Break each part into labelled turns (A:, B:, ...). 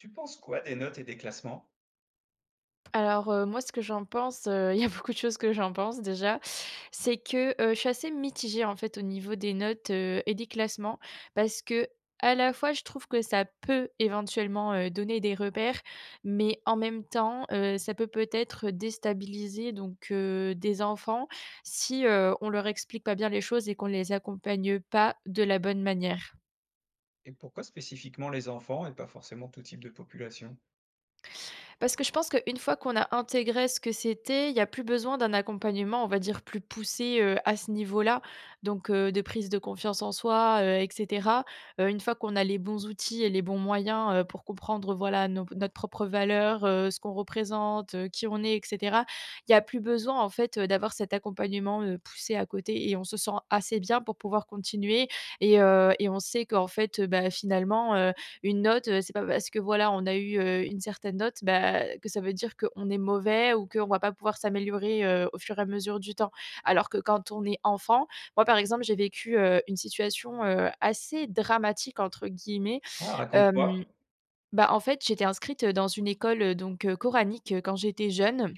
A: Tu penses quoi des notes et des classements?
B: Alors, heu, moi, ce que j'en pense, heu, il y a beaucoup de choses que j'en pense déjà, c'est que heu, je suis assez mitigée, en fait, au niveau des notes, heu, et des classements parce qu'à la fois, je trouve que ça peut éventuellement, heu, donner des repères, mais en même temps, heu, ça peut peut-être déstabiliser donc, heu, des enfants si, heu, on leur explique pas bien les choses et qu'on les accompagne pas de la bonne manière.
A: Et pourquoi spécifiquement les enfants et pas forcément tout type de population?
B: Parce que je pense qu'une fois qu'on a intégré ce que c'était, il y a plus besoin d'un accompagnement, on va dire, plus poussé, heu, à ce niveau-là, donc, heu, de prise de confiance en soi, heu, et cetera. Heu, une fois qu'on a les bons outils et les bons moyens, heu, pour comprendre, voilà, nos notre propre valeur, heu, ce qu'on représente, heu, qui on est, et cetera, il y a plus besoin en fait, heu, d'avoir cet accompagnement, heu, poussé à côté. Et on se sent assez bien pour pouvoir continuer et heu et on sait qu'en fait heu, bah finalement, heu une note, c'est pas parce que, voilà, on a eu, heu, une certaine note, bah que ça veut dire qu'on est mauvais ou qu'on va pas pouvoir s'améliorer, heu, au fur et à mesure du temps. Alors que quand on est enfant, moi, par exemple j'ai vécu, heu, une situation, heu, assez dramatique entre guillemets.
A: Ah, raconte-moi.
B: Hem, bah, en fait j'étais inscrite, heu, dans une école, donc, heu coranique quand j'étais jeune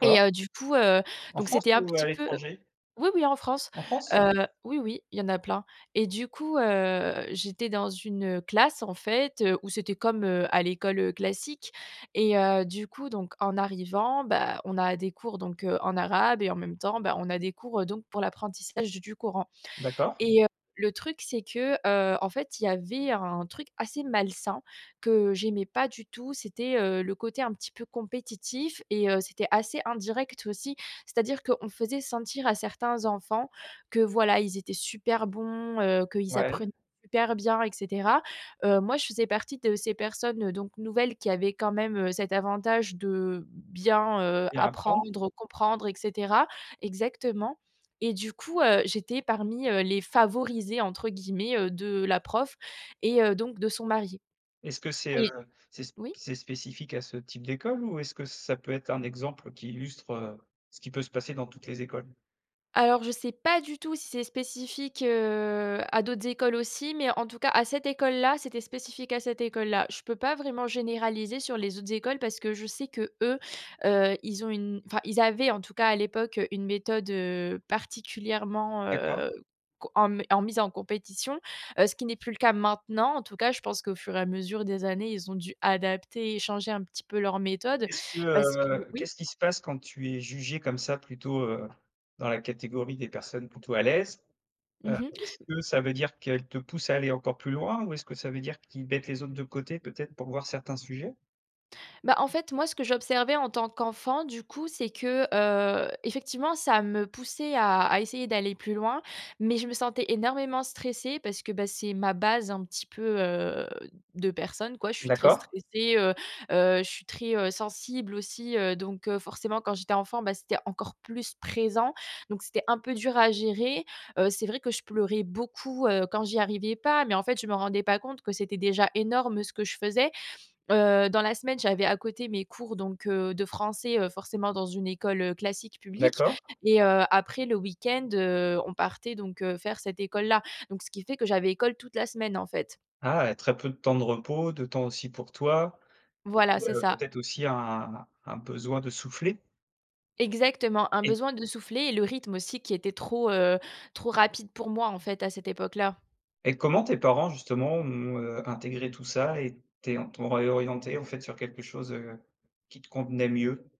B: et heu, du coup, heu,
A: En
B: donc
A: France
B: c'était un
A: ou à
B: petit peu
A: l'étranger?
B: Oui, oui en France,
A: En France?
B: heu oui, oui, il y en a plein et du coup, heu, j'étais dans une classe en fait, heu, où c'était comme, heu, à l'école classique et, heu, du coup, donc en arrivant, bah, on a des cours donc, heu, en arabe et en même temps, bah, on a des cours, heu, donc pour l'apprentissage du Coran.
A: D'accord.
B: Et, heu, le truc c'est que, heu, en fait, il y avait un truc assez malsain que j'aimais pas du tout, c'était, heu, le côté un petit peu compétitif et, heu, c'était assez indirect aussi. C'est à dire qu'on faisait sentir à certains enfants que voilà, ils étaient super bons, heu, qu'ils apprenaient
A: Ouais.
B: super bien et cetera. Heu, moi je faisais partie de ces personnes, heu, donc nouvelles qui avaient quand même, heu, cet avantage de bien, heu,
A: Et à apprendre?
B: apprendre, comprendre et cetera. Exactement et du coup, heu, j'étais parmi, heu les favorisés, entre guillemets, heu, de la prof et heu donc de son mari.
A: Est-ce que c'est, heu,
B: Oui.
A: c'est sp
B: Oui?
A: c'est spécifique à ce type d'école ou est-ce que ça peut être un exemple qui illustre, heu, ce qui peut se passer dans toutes les écoles?
B: Alors je sais pas du tout si c'est spécifique, heu, à d'autres écoles aussi, mais en tout cas à cette école-là, c'était spécifique à cette école-là. Je peux pas vraiment généraliser sur les autres écoles parce que je sais qu’eux, heu, ils ont une enfin ils avaient en tout cas à l'époque une méthode, heu, particulièrement, heu,
A: D'accord.
B: co en m en mise en compétition, heu, ce qui n'est plus le cas maintenant. En tout cas, je pense qu'au fur et à mesure des années, ils ont dû adapter et échanger un petit peu leur méthode
A: Est ce que,
B: parce que
A: heu
B: oui?
A: qu'est-ce qui se passe quand tu es jugée comme ça plutôt, heu, dans la catégorie des personnes plutôt à l'aise? Heu,
B: Mmh mh.
A: est-ce que ça veut dire qu'elles te poussent à aller encore plus loin ou est-ce que ça veut dire qu'ils mettent les autres de côté, peut-être, pour voir certains sujets?
B: Bah, en fait moi, ce que j'observais en tant qu'enfant, du coup, c'est que, heu, effectivement, ça me poussait à à essayer d'aller plus loin, mais je me sentais énormément stressée parce que, bah, c'est ma base un petit peu, heu, de personne, quoi. Je suis très
A: D'accord.
B: stressée, heu, heu, je suis très, heu, sensible aussi, heu, donc, heu, forcément quand j'étais enfant, bah, c'était encore plus présent donc c'était un peu dur à gérer. Heu, c'est vrai que je pleurais beaucoup, heu, quand j'y arrivais pas. Mais en fait, je me rendais pas compte que c'était déjà énorme ce que je faisais. Heu, dans la semaine, j'avais à côté mes cours donc, heu, de français, heu, forcément dans une école, heu, classique, publique
A: D'accord.
B: et heu, après le week-end, heu, on partait donc, heu, faire cette école-là. Donc ce qui fait que j'avais école toute la semaine, en fait.
A: Ah! Et très peu de temps de repos, de temps aussi pour toi et
B: Voilà, c'est
A: heu,
B: ça.
A: peut-être aussi un un besoin de souffler?
B: Exactement. Un
A: Et
B: besoin de souffler et le rythme aussi qui était trop, heu, trop rapide pour moi en fait à cette époque-là.
A: Et comment tes parents justement ont, heu, intégré tout ça et tes t'ont réorientée, en fait, sur quelque chose, heu, qui te convenait mieux?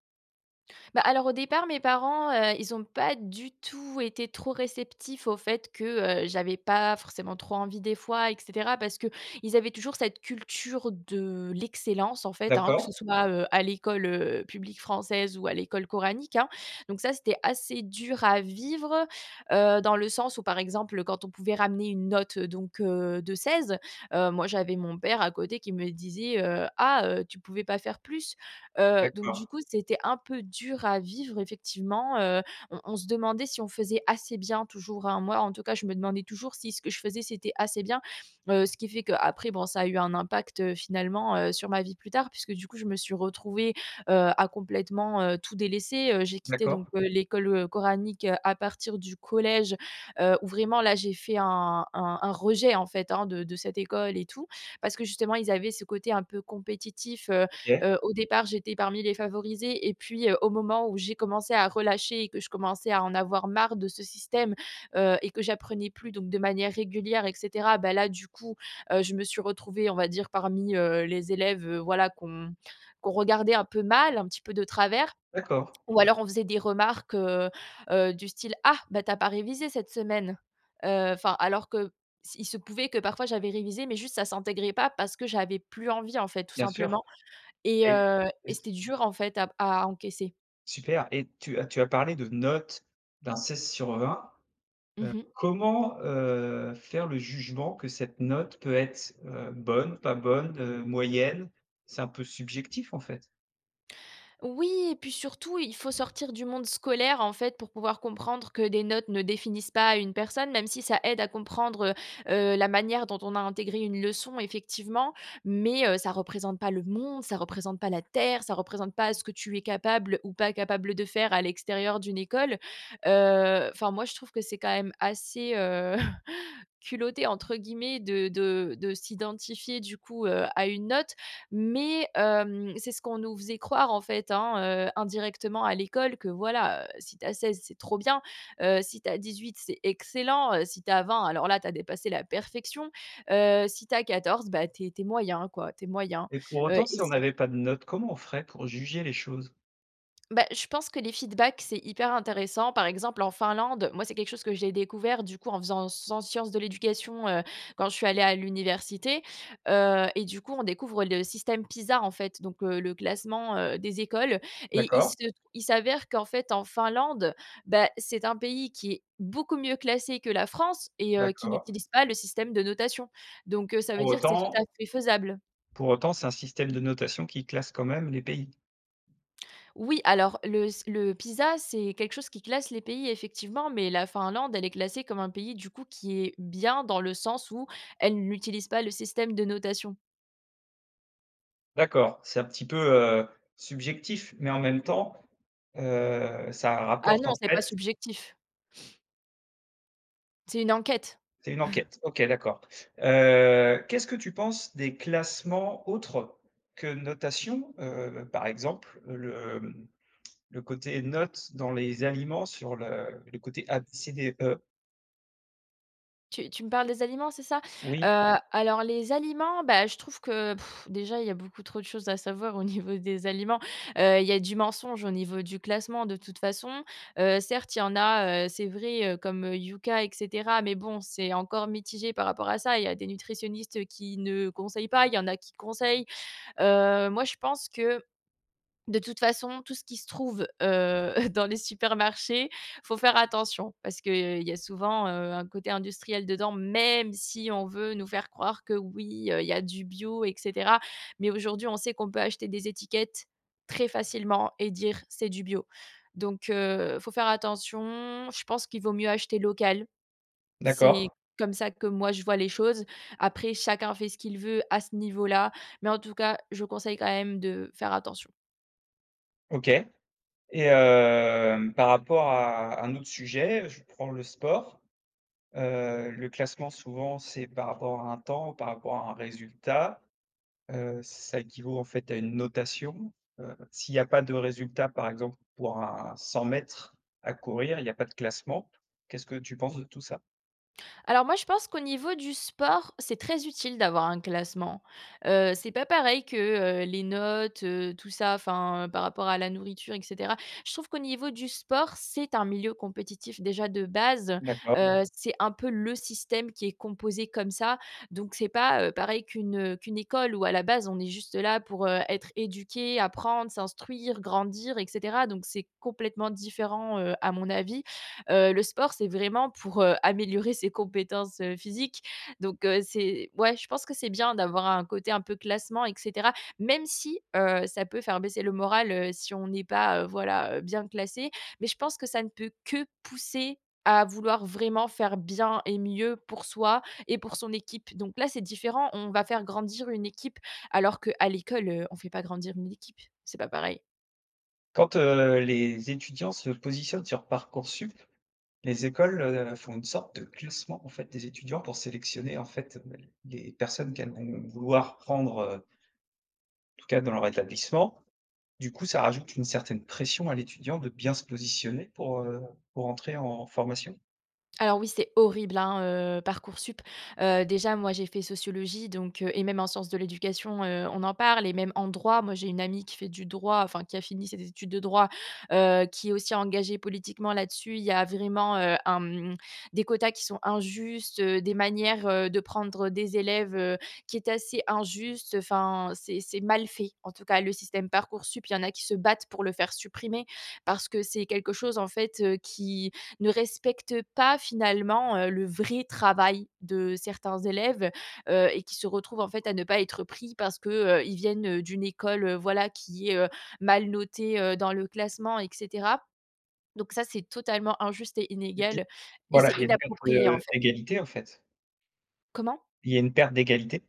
B: Bah, alors au départ, mes parents, heu, ils ont pas du tout été trop réceptifs au fait que, heu, j'avais pas forcément trop envie des fois, et cetera, parce qu'ils avaient toujours cette culture de l'excellence, en fait, hein, que
A: D'accord.
B: ce soit, heu, à l'école, heu, publique française ou à l'école coranique, hein. Donc ça c'était assez dur à vivre, heu, dans le sens où, par exemple, quand on pouvait ramener une note donc, heu, de 16, heu, moi j'avais mon père à côté qui me disait: «Ah! Heu, tu pouvais pas faire plus?» heu, donc du
A: D'accord.
B: coup c'était un peu dur à vivre effectivement. Heu, on on se demandait si on faisait assez bien toujours, hein. Moi, en tout cas, je me demandais toujours si ce que je faisais, c'était assez bien. Heu, ce qui fait qu'après, bon, ça a eu un impact, heu, finalement, heu, sur ma vie plus tard puisque, du coup, je me suis retrouvée, heu, à complètement, heu, tout délaisser. Heu, j'ai quitté donc,
A: D'accord.
B: heu, l'école coranique à partir du collège, heu, où vraiment là, j'ai fait un un un rejet en fait, hein, de de cette école et tout parce que, justement, ils avaient ce côté un peu compétitif. Heu
A: OK.
B: heu, au départ j'étais parmi les favorisés. Et puis, heu, au moment où j'ai commencé à relâcher et que je commençais à en avoir marre de ce système, heu et que j'apprenais plus donc de manière régulière et cetera, bah, là, du coup, heu, je me suis retrouvée, on va dire, parmi, heu, les élèves, heu, voilà qu'on qu'on regardait un peu mal, un petit peu de travers.
A: D'accord.
B: Ou alors on faisait des remarques, heu heu du style: «Ah bah tu as pas révisé cette semaine.» heu, enfin alors que s il se pouvait que parfois j'avais révisé mais juste, ça s'intégrait pas parce que j'avais plus envie en fait tout
A: Bien sûr.
B: simplement et
A: Et
B: heu,
A: et
B: et
A: c
B: c'était dur en fait à à encaisser
A: Super. Et tu as tu as parlé de notes, d'un 16/20.
B: Mmh
A: Heu,
B: mh.
A: comment, heu, faire le jugement que cette note peut être, heu, bonne, pas bonne, heu, moyenne? C'est un peu subjectif en fait.
B: Oui et puis, surtout, il faut sortir du monde scolaire, en fait, pour pouvoir comprendre que des notes ne définissent pas une personne, même si ça aide à comprendre, heu, heu, la manière dont on a intégré une leçon, effectivement. Mais, heu, ça représente pas le monde, ça représente pas la terre, ça représente pas ce que tu es capable ou pas capable de faire à l'extérieur d'une école. Heu, enfin, moi, je trouve que c'est quand même assez, heu, «culotté» entre guillemets de de de s'identifier du coup heu, à une note, mais, hem, c'est ce qu'on nous faisait croire, en fait, hein, heu, indirectement à l'école, que, voilà, heu, si tu as 16 c'est trop bien, heu, si tu as 18, c'est excellent. Heu, si tu as 20, alors là, tu as dépassé la perfection. Heu, si tu as 14, bah, tu es tu es moyen quoi, tu es moyen.
A: Et pour
B: Heu,
A: autant,
B: et
A: si on
B: si
A: n'avait pas de notes, comment on ferait pour juger les choses?
B: Bah, je pense que les feedbacks, c'est hyper intéressant. Par exemple, en Finlande, moi, c'est quelque chose que j'ai découvert, du coup, en faisant san sciences de l'éducation, heu, quand je suis allée à l'université. Heu et du coup, on découvre le système PISA, en fait, donc, heu, le classement heu, des écoles, et il se
A: D'accord.
B: il s'avère qu'en fait, en Finlande, bah, c'est un pays qui est beaucoup mieux classé que la France et heu, qui
A: D'accord.
B: n'utilise pas le système de notation. Donc, heu, ça
A: Pour
B: veut dire que c'est tout à
A: autant
B: fait faisable.
A: pour autant, c'est un système de notation qui classe quand même les pays.
B: Oui. Alors le s le PISA, c'est quelque chose qui classe les pays, effectivement. Mais, la Finlande, elle est classée comme un pays, du coup, qui est bien, dans le sens où elle n'utilise pas le système de notation.
A: D'accord. C'est un petit peu, heu, subjectif mais, en même temps, heu, ça
B: Ah
A: rapporte
B: non,
A: en
B: c'est pas
A: fait
B: subjectif. C'est une enquête.
A: C'est une enquête. OK, d'accord. Heu, qu'est-ce que tu penses des classements autres que notation, heu, par exemple le, mmh, le côté note dans les aliments sur le le côté A, B, C, D, E?
B: Tu tu me parles des aliments, c'est ça?
A: Oui.
B: Heu, alors les aliments, bah, je trouve que, déjà, il y a beaucoup trop de choses à savoir au niveau des aliments. Heu, il y a du mensonge au niveau du classement, de toute façon. Heu, certes il y en a, heu, c'est vrai, heu, comme, heu, Yuka et cetera, mais, bon, c'est encore mitigé par rapport à ça. Il y a des nutritionnistes, heu, qui ne conseillent pas, il y en a qui conseillent. Heu, moi je pense que, de toute façon, tout ce qui se trouve heu, dans les supermarchés, il faut faire attention. Parce qu'il y a souvent, heu, un côté industriel dedans, même si on veut nous faire croire que, oui, heu, il y a du bio et cetera, mais aujourd'hui, on sait qu'on peut acheter des étiquettes très facilement et dire: «C'est du bio». Donc, heu, il faut faire attention, je pense qu'il vaut mieux acheter local. C'est
A: D'accord.
B: comme ça que, moi, je vois les choses. Après, chacun fait ce qu'il veut à ce niveau là, mais en tout cas, je conseille quand même de faire attention.
A: OK et hem, par rapport à un autre sujet, je prends le sport. Heu, le classement souvent, c'est par rapport à un temps, par rapport à un résultat. Heu, ça équivaut en fait à une notation. Heu, s'il y a pas de résultat, par exemple pour un 100 m à courir, il y a pas de classement. Qu'est-ce que tu penses de tout ça?
B: Alors, moi, je pense qu'au niveau du sport, c'est très utile d'avoir un classement. Heu, c'est pas pareil que, heu, les notes, heu, tout ça, enfin par rapport à la nourriture et cetera. Je trouve qu'au niveau du sport, c'est un milieu compétitif déjà de base,
A: D'accord.
B: heu, c'est un peu le système qui est composé comme ça, donc, c'est pas, heu, pareil qu'une, heu, qu'une école où à la base, on est juste là pour, heu, être éduqué, apprendre, s'instruire, grandir et cetera. Donc, c'est complètement différent, heu, à mon avis. Heu, le sport c'est vraiment pour, heu, améliorer ses compétences, heu, physiques. Donc, heu, c'est ouais je pense que c'est bien d'avoir un côté un peu classement et cetera. Même si, heu, ça peut faire baisser le moral, heu, si on n'est pas, heu, voilà, heu, bien classé. Mais, je pense que ça ne peut que pousser à vouloir vraiment faire bien et mieux pour soi et pour son équipe, donc là c'est différent. On va faire grandir une équipe, alors qu'à l'école, heu, on fait pas grandir une équipe, c'est pas pareil.
A: Quand, heu, les étudiants se positionnent sur Parcoursup, les écoles, heu, font une sorte de classement en fait des étudiants pour sélectionner en fait, bah, les personnes qu'elles vont vouloir prendre, heu tout cas dans leur établissement. Du coup, ça rajoute une certaine pression à l'étudiant de bien se positionner pour, heu, pour entrer en formation?
B: Alors oui, c'est horrible, hein, heu, Parcoursup. Heu, déjà moi, j'ai fait sociologie donc, heu, et même en sciences de l'éducation, heu, on en parle et même en droit. Moi, j'ai une amie qui fait du droit, enfin qui a fini ses études de droit, heu, qui est aussi engagée politiquement là-dessus. Il y a vraiment, heu, un, mmh, des quotas qui sont injustes, heu, des manières, heu, de prendre des élèves, heu, qui est assez injuste. Enfin c'est c'est mal fait. En tout cas, le système Parcoursup, il y en a qui se battent pour le faire supprimer. Parce que c'est quelque chose en fait, heu, qui ne respecte pas finalement, heu, le vrai travail de certains élèves, heu, et qui se retrouvent en fait à ne pas être pris parce que, heu, ils viennent d'une école, voilà, qui est, heu, mal notée, heu, dans le classement et cetera, donc ça, c'est totalement injuste et
A: OK.
B: inégal et
A: Bah là,
B: c'est
A: il y a une perte
B: inapproprié, en
A: de
B: fait.
A: d'égalité en fait?
B: Comment?
A: Il y a une perte d'égalité?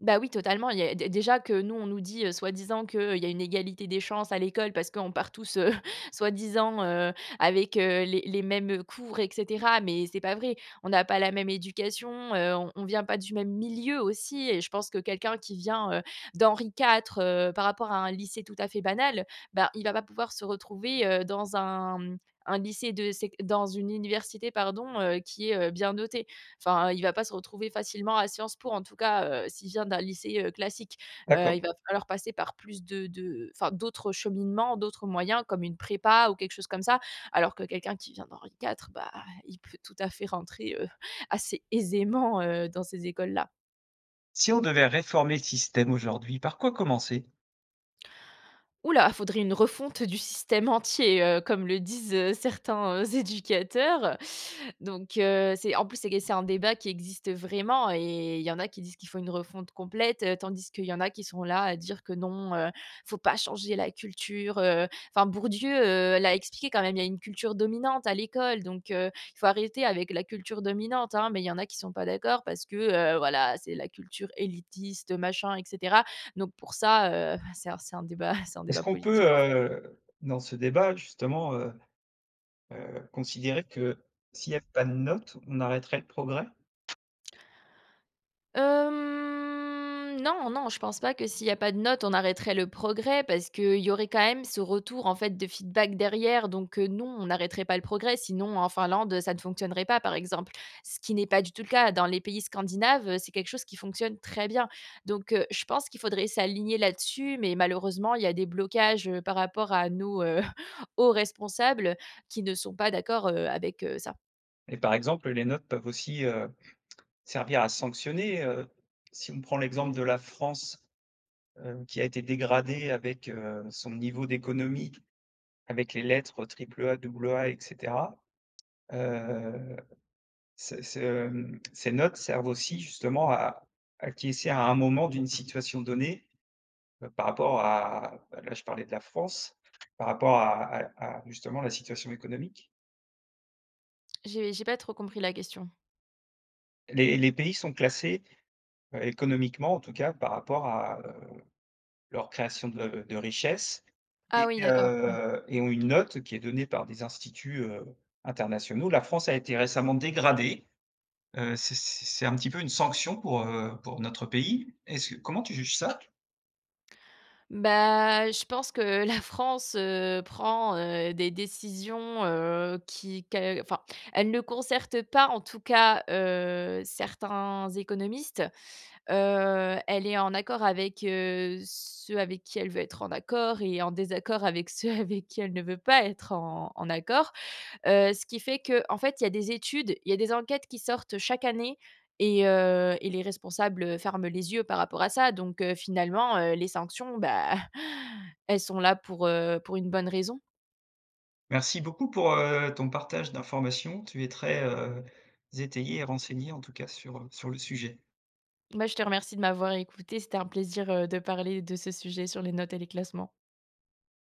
B: Bah, oui, totalement il y a, dé déjà que nous, on nous dit, heu, soi-disant que: «Il y a une égalité des chances à l'école parce qu'on part tous, heu, soi-disant, heu, avec heu, les les mêmes cours, et cetera», mais c'est pas vrai. On a pas la même éducation, heu, on vient pas du même milieu aussi et je pense que quelqu'un qui vient, heu, d'Henri IV, heu, par rapport à un lycée tout à fait banal, bah, il va pas pouvoir se retrouver, heu, dans un, mmh, un lycée de sec dans une université pardon, heu, qui est, heu, bien notée. Enfin, il va pas se retrouver facilement à Sciences Po en tout cas, heu, s'il vient d'un lycée, heu, classique. Heu, il
A: D'accord.
B: va falloir passer par plus de de enfin d'autres cheminements, d'autres moyens comme une prépa ou quelque chose comme ça, alors que quelqu'un qui vient d'Henri IV, bah, il peut tout à fait rentrer, heu, assez aisément, heu, dans ces écoles-là.
A: Si on devait réformer le système aujourd'hui, par quoi commencer?
B: Ouh là, faudrait une refonte du système entier, heu, comme le disent, heu, certains heu, éducateurs, donc heu, c'est, en plus c'est que c'est un débat qui existe vraiment et il y en a qui disent qu'il faut une refonte complète, heu, tandis qu'il y en a qui sont là, à dire que: «Non, heu, il faut pas changer la culture heu,» enfin Bourdieu, heu, l'a expliqué quand même, il y a une culture dominante à l'école, donc heu, il faut arrêter avec la culture dominante, hein, mais il y en qui sont pas d'accord parce que, heu, voilà, c'est la culture élitiste, machin, et cetera, donc pour ça, heu, c'est c'est un débat c'est un
A: Est-ce
B: débat
A: qu'on peut,
B: politique en fait.
A: heu, dans ce débat justement, heu heu, considérer que s'il y a pas de notes, on arrêterait le progrès?
B: Hem, non, non, je pense pas que s'il y a pas de notes, on arrêterait le progrès parce qu'il y aurait quand même ce retour, en fait, de feedback derrière, donc heu, non, on n'arrêterait pas le progrès, sinon en Finlande ça ne fonctionnerait pas par exemple. Ce qui n'est pas du tout le cas. Dans les pays scandinaves, heu, c'est quelque chose qui fonctionne très bien, donc heu, je pense qu'il faudrait s'aligner là-dessus mais malheureusement il y a des blocages, heu, par rapport à nos, heu, hauts responsables qui ne sont pas d'accord, heu, avec, heu, ça.
A: Et par exemple, les notes peuvent aussi, heu, servir à sanctionner, heu. Si on prend l'exemple de la France, heu, qui a été dégradée avec, heu, son niveau d'économie, avec les lettres triple A, double A, et cetera. Heu, ces ce, mmh, ces notes servent aussi justement à à acquiescer à un moment d'une situation donnée, bah, par rapport à, bah, là je parlais de la France. Par rapport à à à justement la situation économique?
B: J'ai j'ai pas trop compris la question.
A: Les les pays sont classés, heu, économiquement en tout cas, par rapport à, heu, leur création de de richesse
B: Ah
A: et
B: oui d'accord, ouais.
A: heu, et ont une note qui est donnée par des instituts, heu, internationaux. La France a été récemment dégradée, heu, c' c'est c'est un petit peu une sanction pour, heu, pour notre pays, est-ce que comment tu juges ça?
B: Bah, je pense que la France, heu, prend, heu, des décisions, heu, qui qu'elle enfin elle ne concerte pas en tout cas, heu, certains économistes. Heu, elle est en accord avec, heu, ceux avec qui elle veut être en accord et en désaccord avec ceux avec qui elle ne veut pas être en en accord. Heu, ce qui fait qu'en fait, il y a des études, il y a des enquêtes qui sortent chaque année et heu, et les responsables, heu, ferment les yeux par rapport à ça donc heu, finalement, heu, les sanctions, bah, elles sont là pour, heu, pour une bonne raison.
A: Merci beaucoup pour, heu, ton partage d'informations, tu es très, heu, étayée et renseignée en tout cas sur, heu, sur le sujet.
B: Bah, je te remercie de m'avoir écoutée, c'était un plaisir, heu, de parler de ce sujet sur les notes et les classements.